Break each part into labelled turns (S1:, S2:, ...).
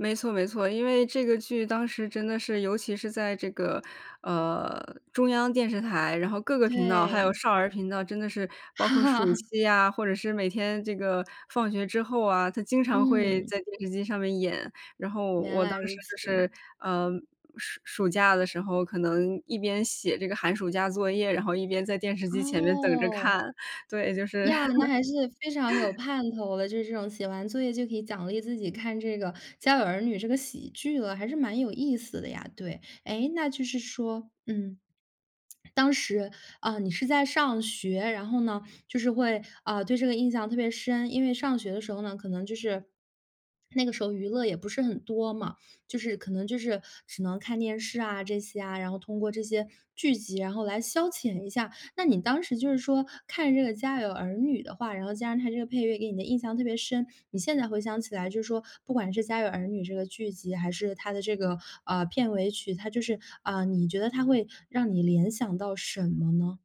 S1: 没错没错，因为这个剧当时真的是尤其是在这个，呃，中央电视台，然后各个频道还有
S2: 对。
S1: 少儿频道，真的是。包括暑期呀，或者是每天这个放学之后啊，它经常会
S2: 嗯。
S1: 在电视机上面演。然后
S2: 原
S1: 我当
S2: 来
S1: 时
S2: 如
S1: 就是，
S2: 此。
S1: 嗯，暑暑假的时候可能一边写这个寒暑假作业，然后一边在电视机前面等着
S2: 哦。
S1: 看，对，就是。
S2: 呀，那还是非常有 盼头了，就是这种写完作业就可以奖励自己看这个，《家有儿女》这个喜剧了，还是蛮有意思的呀。对。诶，那就是说，嗯，当时，嗯，你是在上学，然后呢，就是会，嗯，对这个印象特别深。因为上学的时候呢，可能就是那个时候娱乐也不是很多嘛。就是可能就是，只能看电视啊，这些啊。然后通过这些剧集然后来消遣一下。那你当时就是说看这个《家有儿女》的话，然后加上它这个配乐给你的印象特别深，你现在回想起来就是说，不管是《家有儿女》这个剧集，还是它的这个，嗯，片尾曲，它就是嗯，你觉得它会让你联想到什么呢？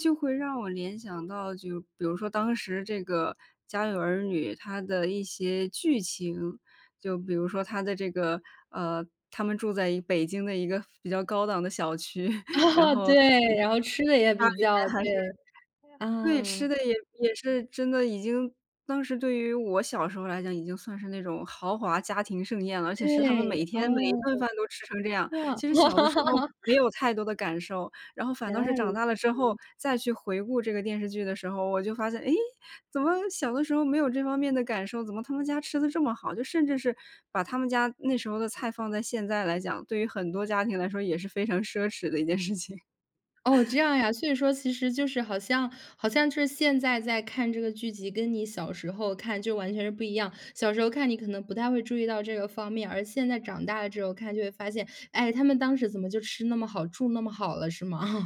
S1: 就会让我联想到，就比如说当时这个《家有儿女》，它的一些剧情。就比如说它的这个，呃他们住在一北京的一个比较高档的小区，然 后，
S2: 对，然后吃得也
S1: 它里
S2: 比较
S1: 面还是
S2: 对。
S1: 对，吃
S2: 啊。
S1: 的也也是，真的已经当时对于我小时候来讲已经算是那种豪华家庭盛宴了，而且是他们
S2: 对。
S1: 每天每一
S2: 哦。
S1: 顿饭都吃成这样。
S2: 这样。
S1: 其实小的时候 没有太多的感受，然后反
S2: 原
S1: 倒是
S2: 来
S1: 长
S2: 如
S1: 大了
S2: 此。
S1: 之后，再去回顾这个电视剧的时候，我就发现，哎，怎么小的时候没有这方面的感受？怎么他们家吃得这么好？就甚至是，把他们家那时候的菜放在现在来讲，对于很多家庭来说也是非常奢侈的一件事情。
S2: 哦，这样呀。所以说其实就是好像好像是现在再看这个剧集，跟你小时候看就完全是不一样。小时候看你可能不太会注意到这个方面，而现在长大了之后看就会发现，哎，他们当时怎么就吃那么好，住那么好了，是吗？